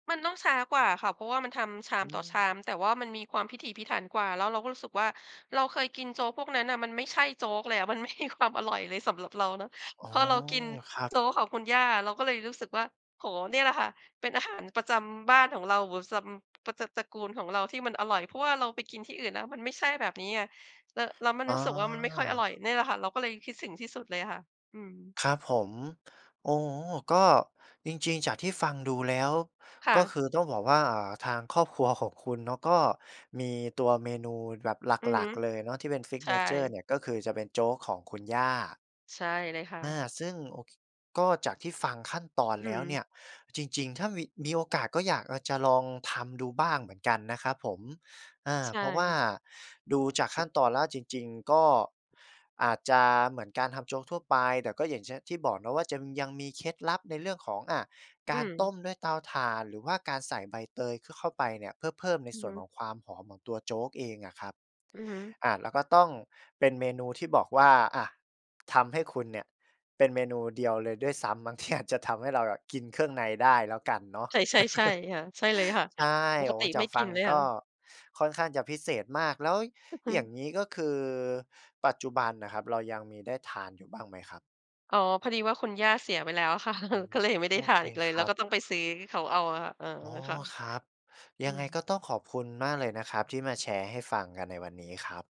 มันต้องช้ากว่าอะค่ะ เพราะว่ามันทำชาอมืต่อชม าม แต่ว่ามันมีความพิถีพิถันกว่า แล้วเราก็รู้สึกว่า เราเคยกินโจ๊กพวกนั้นน่ะ มันไม่ใช่โจ๊กเลยอะ มัน ไม่มีความ อร่อยเลยสำหรับเราเนาะ อ๋พอ อเรากินครับ โจ๊กของคุณย่าเราก็เลยรู้สึกว่า โอ้โฮ เนี่ยแหละค่ะ เป็นอาหารประจำบ้านของเรา วือซัม ประจำตระกูลของเราที่มันอร่อย เพราะว่าเราไปกินที่อื่นแล้วมันไม่ใช่แบบนี้ไง แล้ว แล้วมันอ่รู้สึกว่ามันไม่ค่อยอร่อย อ เนี่ยแหละค่ะ เราก็เลยคิดถึงที่สุดเลยอะค่ะ อืม ครับผม โอ้ ก็จริง ๆ จากที่ฟังดูแล้ว ค่ก็ะ คือต้องบอกว่าทางครอบครัวของคุณเนาะก็มีตัวเมนูแบบหอือลัฮึ ก ๆ เลยเนาะที่เป็น ใช่ Signature เนี่ย ก็คือจะเป็นโจ๊กของคุณย่า ใช่เลยค่อา ะ ซึ่ง โอ ค ก็จากที่ฟังขั้นตอนอืแล้วเนี่ม ย จริง ๆ ถ้ามี มีโอกาสก็อยาก อา จะลองทำดูบ้างเหมือนกันนะครับผม อ่า ใชเพราะว่า่ ดูจากขั้นตอนแล้วจริง ๆ ก็อาจจะเหมือนการทำโจ๊กทั่วไป แต่ก็ อย่างเช่น ที่บอกเนาะว่าจะยังมีเคล็ดลับในเรื่องของ อา อกืารต้ม มด้วยเตาถ่าน หรือว่าการใส่ใบเตย ขะ เข้าไปเนี่ย เพื่อเพิ่มในอืสอ่วฮนขึ องความหอมของตัวโจ๊กเองอะครับ อือฮึ อา แล้วก็ต้องเป็นเมนูที่บอกว่า อา ทำให้คุณเนี่ย เป็นเมนูเดียวเลยด้วยซ้ำมั้ง ที่ อาจจะทำให้เราอะกินเครื่องในได้แล้วกันเนาะ ใช่ ๆ ๆ ค่ะ ใช่เลยค่ะ ใช่ ปโกอ้ ติจาไม่กฟกัินงเลยกค่็ะ ค่อนข้างจะพิเศษมาก แล้วอือฮึ อย่างนี้ก็คือปัจจุบันอะครับ เรายังมีได้ทานอยู่บ้างไหมครับ? อ๋อ พอดีว่าคุณย่าเสียไปแล้ว ค่ะ ก็เลยไม่ไดโ้อทาเคนอีกเลย คแรล้วับ ก็ต้องไปซื้อเขาเอาอะคะ เออ อ๋อ ค่ะ ครับ อยัืงไงม ก็ต้องขอบคุณมากเลยนะครับ ที่มาแชร์ให้ฟังกันในวันนี้ครับ